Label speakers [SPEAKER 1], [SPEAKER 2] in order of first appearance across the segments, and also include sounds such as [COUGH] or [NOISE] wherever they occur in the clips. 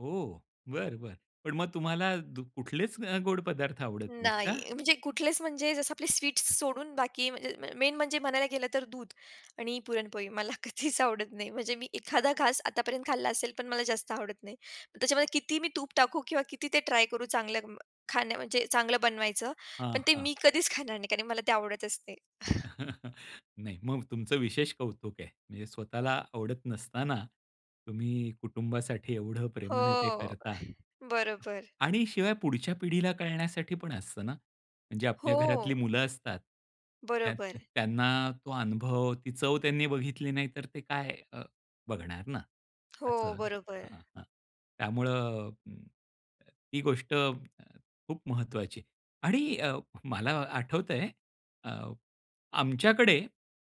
[SPEAKER 1] हो, बरं, बरं. पण मग तुम्हाला दु कुठलेच अ, गोड पदार्थ आवडत नाहीत का?
[SPEAKER 2] नाही. म्हणजे कुठलेच म्हणजे जसं आपले स्वीट्स सोडून बाकी, [UNINTELLIGIBLE] मेन म्हणजे म्हणायला गेलं तर दूध आणि पुरणपोळी मला कधीच आवडत नाही. म्हणजे मी एखादा घास आतापर्यंत खाल्ला असेल, पण मला जास्त आवडत नाही. त्याच्यामध्ये किती मी तूप टाकू किंवा किती ते ट्राय करू चांगलं खाणं, म्हणजे चांगलं बनवायचं,
[SPEAKER 1] हां,
[SPEAKER 2] पण ते
[SPEAKER 1] हां.
[SPEAKER 2] मी कधीच खाणार नाही कारण मला ते आवडतच नाही.
[SPEAKER 1] [CHUCKLES] नाही. मग तुमचं विशेष कौतुक आहे. म्हणजे स्वतःला आवडत नसताना, तुम्ही कुटुंबासाठी एवढं प्रेमाने ते
[SPEAKER 2] हो,
[SPEAKER 1] करता.
[SPEAKER 2] बरोबर.
[SPEAKER 1] आणि शिवाय पुढच्या पिढीला कळण्यासाठी पण असतं ना. म्हणजे आपल्या घरातली
[SPEAKER 2] हो.
[SPEAKER 1] मुलं असतात, त्या
[SPEAKER 2] बरोबर.
[SPEAKER 1] त्यांना तो अनुभव, ती चव त्यांनी बघितली नाही तर ते काय अ, बघणार ना
[SPEAKER 2] हो,
[SPEAKER 1] असं,
[SPEAKER 2] बरोबर.
[SPEAKER 1] अ, अ, त्यामुळं ही गोष्ट खूप महत्वाची आहे आणि अ, मला आठवतंय अ, आमच्याकडे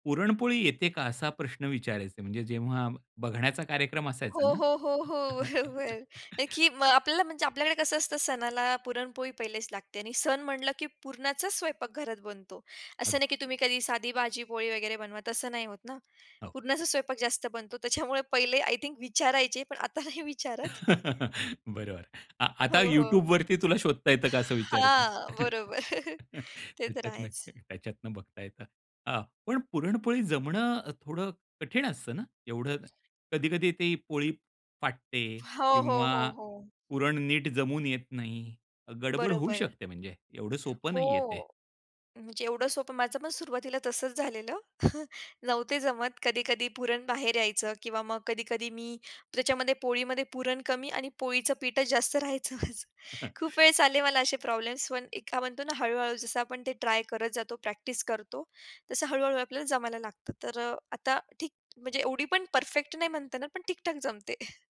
[SPEAKER 1] पुरणपोळी येते का? असा प्रश्न विचारायचे, म्हणजे जेव्हा बघण्याचा कार्यक्रम
[SPEAKER 2] हो,
[SPEAKER 1] असायचा ना.
[SPEAKER 2] हो, हो, हो. [CHUCKLES] हं
[SPEAKER 1] [CHUCKLES]
[SPEAKER 2] की अ, आपल्याला म्हणजे आपल्याकडे कसं असतं सणाला पुरणपोळी पहिलेच लागते आणि सण म्हटलं, की पुरणाचाच स्वयंपाक घरात बनतो. असं
[SPEAKER 1] अगदी.
[SPEAKER 2] नाही की तुम्ही कधी साधी भाजी-पोळी वगैरे बनवा, तसं नाही होत ना.
[SPEAKER 1] हो.
[SPEAKER 2] पुरणाचा स्वयंपाक जास्त बनतो त्याच्यामुळे पहिले आय थिंक विचारायचे, पण आता नाही विचारत.
[SPEAKER 1] [CHUCKLES] बरोबर. आ
[SPEAKER 2] हो,
[SPEAKER 1] आता
[SPEAKER 2] हो.
[SPEAKER 1] YouTubeवरती तुला शोधता येतं का असं विचारतील.
[SPEAKER 2] हां,
[SPEAKER 1] [CHUCKLES]
[SPEAKER 2] बरोबर. [CHUCKLES] ते तर
[SPEAKER 1] [UNINTELLIGIBLE]
[SPEAKER 2] आहेच.
[SPEAKER 1] त्याच्यातनं बघता येतं. हां. पण पुरणपोळी जमणं अ, थोडं कठीण असतं ना, एवढं कधी-कधी ती पोळी फाटते
[SPEAKER 2] हो, हो,
[SPEAKER 1] किंवा
[SPEAKER 2] हो, हो.
[SPEAKER 1] पुरण नीट जमून येत नाही. अ, गडबड होऊ
[SPEAKER 2] बरोबर.
[SPEAKER 1] शकते. म्हणजे एवढं सोपं नाहीये ते.
[SPEAKER 2] हो. म्हणजे एवढं सोपं माझं पण सुरुवातीला तसंच झालेलं, [CHUCKLES] नव्हती जमत, कधी-कधी पुरण बाहेर यायचं किंवा मग कधी-कधी मी त्याच्यामध्ये पोळीमध्ये पुरण कमी आणि पोळीचं पीठच जास्त राहायचं माझं. [CHUCKLES]
[SPEAKER 1] [CHUCKLES]
[SPEAKER 2] खूप वेळ आलेले मला असे प्रॉब्लेम्स, पण एक काय म्हणतो ना, हळू-हळू जसं आपण ते ट्राय करत जातो, प्रॅक्टिस करतो, तसं हळू-हळू आपल्याला जमायला लागतं. तर अ आताठीक म्हणजे एवढी पण परफेक्ट नाही म्हणता येणार, पण ठीक-ठाक जमते. [CHUCKLES]